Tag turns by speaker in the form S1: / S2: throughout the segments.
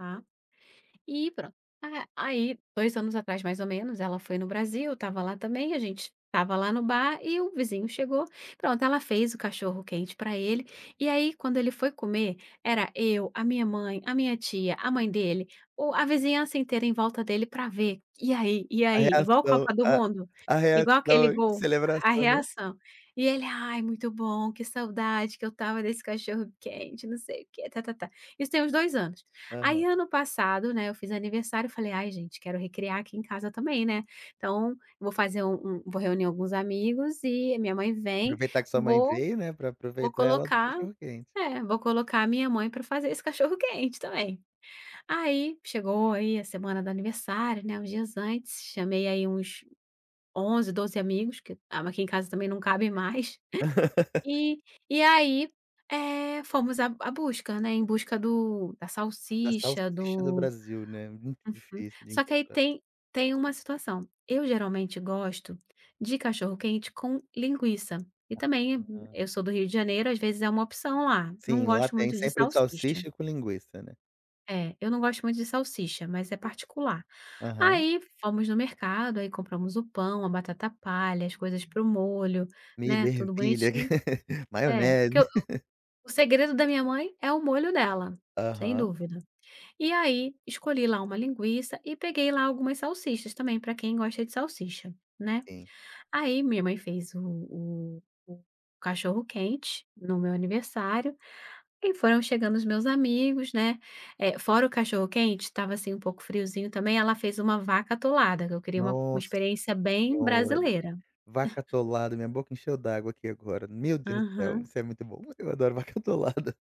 S1: Tá. E pronto, a aí 2 anos atrás mais ou menos ela foi no Brasil, eu estava lá também, a gente estava lá no bar e o vizinho chegou, pronto ela fez o cachorro-quente pra ele, e aí quando ele foi comer, era eu, a minha mãe, a minha tia, a mãe dele, o a vizinhança inteira em volta dele pra ver, e aí, e
S2: A
S1: aí igual
S2: reação,
S1: Copa do
S2: a
S1: Mundo,
S2: a
S1: igual
S2: reação,
S1: aquele
S2: a
S1: gol, a
S2: celebração, né.
S1: reação. E ele "ai é muito bom, que saudade que eu estava desse cachorro-quente", não sei o quê ta ta ta, isso tem uns 2 anos. Aí
S2: Aham.
S1: ano passado, né, eu fiz aniversário, falei ai gente quero recriar aqui em casa também, né, então, vou fazer um um vou reunir alguns amigos e a minha mãe vem,
S2: Aproveitar que sua mãe
S1: vou
S2: veio, né. Pra
S1: vou
S2: aproveitar ela para o
S1: colocar,
S2: cachorro-quente.
S1: é vou colocar a minha mãe pra fazer esse cachorro-quente também. Aí chegou aí a semana do aniversário, né uns dias antes, chamei aí uns 11, 12 amigos que aqui em casa também não cabe mais. E e aí, eh, fomos a a busca, né, em busca do da
S2: Da
S1: salsicha,
S2: salsicha do
S1: do
S2: Brasil, né, muito difícil de
S1: só que aí
S2: encontrar.
S1: tem tem uma situação, eu geralmente gosto de cachorro-quente com linguiça, e também
S2: Aham.
S1: eu sou do Rio de Janeiro às vezes é uma opção lá, não
S2: Sim, lá
S1: gosto
S2: tem
S1: muito de
S2: sempre o
S1: salsicha.
S2: salsicha com linguiça, né.
S1: É, eu não gosto muito de salsicha mas é particular.
S2: Aham.
S1: Aí fomos no mercado aí compramos o pão, a batata palha, as coisas para o molho,
S2: Milho,
S1: né, tudo
S2: ervilha,
S1: bonitinho. É, que o
S2: maionese.
S1: segredo da minha mãe é o molho dela, sem
S2: Aham.
S1: dúvida. E aí escolhi lá uma linguiça e peguei lá algumas salsichas também pra quem gosta de salsicha, né.
S2: Sim.
S1: Aí minha mãe fez o o o cachorro-quente, no meu aniversário, e foram chegando os meus amigos né, eh, fora o cachorro-quente estava assim um pouco friozinho também ela fez uma vaca atolada que eu queria uma uma
S2: Nossa
S1: experiência bem
S2: senhora,
S1: brasileira.
S2: vaca atolada, minha boca encheu d'água aqui agora. Meu Deus do céu,
S1: Aham.
S2: isso é muito bom, eu adoro vaca atolada.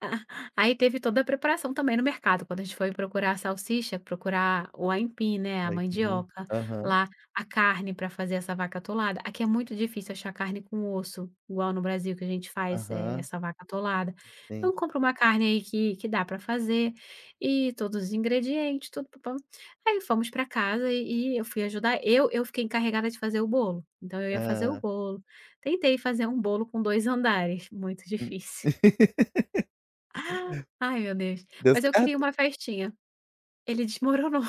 S1: Aí teve toda a preparação também no mercado quando a gente foi procurar a salsicha, procurar o aipim, né, a
S2: Ai que bom,
S1: mandioca,
S2: aham.
S1: lá a carne pra fazer essa vaca atolada, aqui é muito difícil achar carne com osso, igual no Brasil que a gente faz, eh,
S2: Aham.
S1: essa vaca atolada.
S2: Sim.
S1: Então compra uma carne aí que que dá pra fazer, e todos os ingredientes Aí fomos pra casa e e eu fui ajudar, eu eu fiquei encarregada de fazer o bolo, então eu ia fazer o
S2: Hã.
S1: bolo, tentei fazer um bolo com 2 andares, muito difícil. Ai meu Deus,
S2: Deu
S1: mas eu queria
S2: certo?
S1: uma festinha. Ele desmoronou.